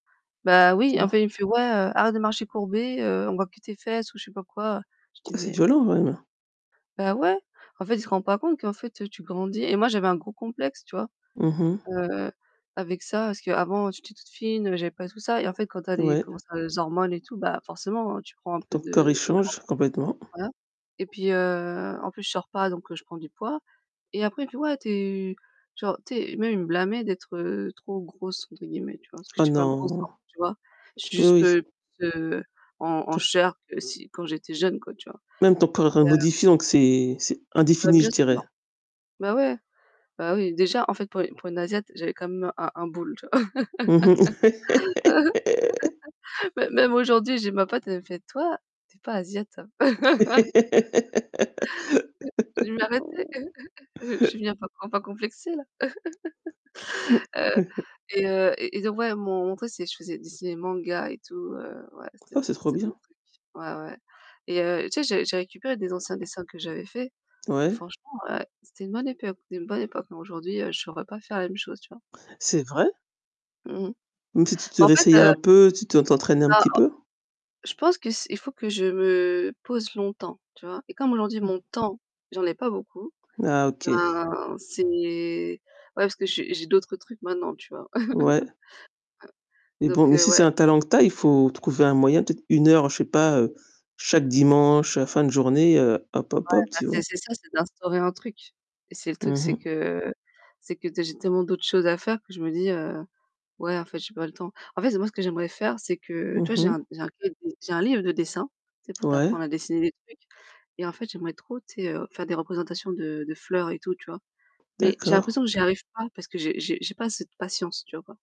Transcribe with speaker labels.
Speaker 1: Bah, oui,
Speaker 2: Tu
Speaker 1: en
Speaker 2: vois?
Speaker 1: fait, il me fait: «Ouais, heu, arrête de marcher courbée, heu, on voit que tes fesses ou je sais pas quoi». Je
Speaker 2: Oh
Speaker 1: dis:
Speaker 2: c'est
Speaker 1: «Mais»
Speaker 2: violent, quand même!
Speaker 1: Bah ouais, en fait, il se rend pas compte qu'en fait, heu, tu grandis et moi, j'avais un gros complexe, tu vois?
Speaker 2: Mmh mh.
Speaker 1: Heu, avec ça, parce qu'avant, j'étais toute fine, heu, j'avais pas du tout ça et en fait, quand tu as les
Speaker 2: Ouais.
Speaker 1: comment ça les hormones et tout, bah, forcément, hein, tu prends un peu
Speaker 2: Ton corps, il
Speaker 1: de
Speaker 2: change
Speaker 1: [unintelligible]
Speaker 2: complètement.
Speaker 1: voilà et puis, heu, en plus, je sors pas donc je prends du poids et après il me fait: «Ouais, tu es» tu vois? Tu sais? Même il me blâmait d'être, heu, «trop grosse» entre guillemets, tu vois? Parce que
Speaker 2: Oh
Speaker 1: je suis pas grosse,
Speaker 2: non.
Speaker 1: tu vois? Je suis
Speaker 2: Oui,
Speaker 1: juste,
Speaker 2: oui.
Speaker 1: heu, plus en en
Speaker 2: Ton
Speaker 1: chair que si quand j'étais jeune, quoi, tu vois?
Speaker 2: même ton corps est
Speaker 1: Et heu
Speaker 2: modifié, donc c'est c'est
Speaker 1: Bah,
Speaker 2: indéfini, je
Speaker 1: bien sûr.
Speaker 2: dirais.
Speaker 1: Ouais, ouais, bah, oui, déjà, en fait, pour une pour une asiatique j'avais quand même un un boule, tu vois?
Speaker 2: Mmh mh.
Speaker 1: Même même aujourd'hui, j'ai ma pote, elle me fait: «Toi, tu es pas asiatique, hein». «Mais arrêtez! Je vais finir par com par complexer, là.» Heu et heu et et donc ouais, [unintelligible] je faisais je dessinais des mangas et tout, heu, ouais, c'était
Speaker 2: Oh, c'est trop
Speaker 1: c'était mon
Speaker 2: bien!
Speaker 1: truc. Ouais, ouais et heu, tu sais, j'ai j'ai récupéré des anciens dessins que j'avais faits, et
Speaker 2: Ouais.
Speaker 1: franchement, heu, c'était une bonne époque une bonne époque, bon, aujourd'hui, je saurais pas faire la même chose, tu vois?
Speaker 2: C'est vrai?
Speaker 1: Mmh.
Speaker 2: Donc si tu te
Speaker 1: Bah, en fait,
Speaker 2: réessayais
Speaker 1: heu
Speaker 2: un peu, tu te
Speaker 1: là
Speaker 2: t'entraînais un petit peu?
Speaker 1: [unintelligible] je pense que c'est il faut que je me pose longtemps, tu vois? Et comme aujourd'hui,
Speaker 2: Mmh.
Speaker 1: mon temps, j'en ai pas beaucoup,
Speaker 2: Ah OK.
Speaker 1: ben, c'est ouais, parce que j'ai j'ai d'autres trucs maintenant, tu vois?
Speaker 2: Ouais. Mais bon,
Speaker 1: Donc
Speaker 2: mais
Speaker 1: heu,
Speaker 2: si c'est
Speaker 1: ouais.
Speaker 2: un talent que tu as, il faut trouver un moyen, peut-être 1 heure, je sais pas, heu, chaque dimanche, heu, fin de journée, heu, hop, hop,
Speaker 1: Ouais,
Speaker 2: hop,
Speaker 1: bah
Speaker 2: tu vois?
Speaker 1: c'est c'est ça, c'est d'instaurer un truc et c'est le truc,
Speaker 2: Mmh
Speaker 1: c'est
Speaker 2: mh.
Speaker 1: que c'est que, tu sais, j'ai tellement d'autres choses à faire que je me dis, heu: «Ouais, en fait, j'ai pas le temps». En fait, moi, ce que j'aimerais faire, c'est que, tu
Speaker 2: Mmh
Speaker 1: vois, j'ai un
Speaker 2: mh.
Speaker 1: [unintelligible] j'ai un livre de dessin, tu sais, pour
Speaker 2: Ouais.
Speaker 1: t'apprendre à dessiner des trucs et en fait, j'aimerais trop, tu sais, faire des représentations de de fleurs et tout, tu vois? Mais j'ai
Speaker 2: D'accord.
Speaker 1: l'impression que j'y arrive pas parce que j'ai j'ai j'ai pas cette patience, tu vois? Ou pas?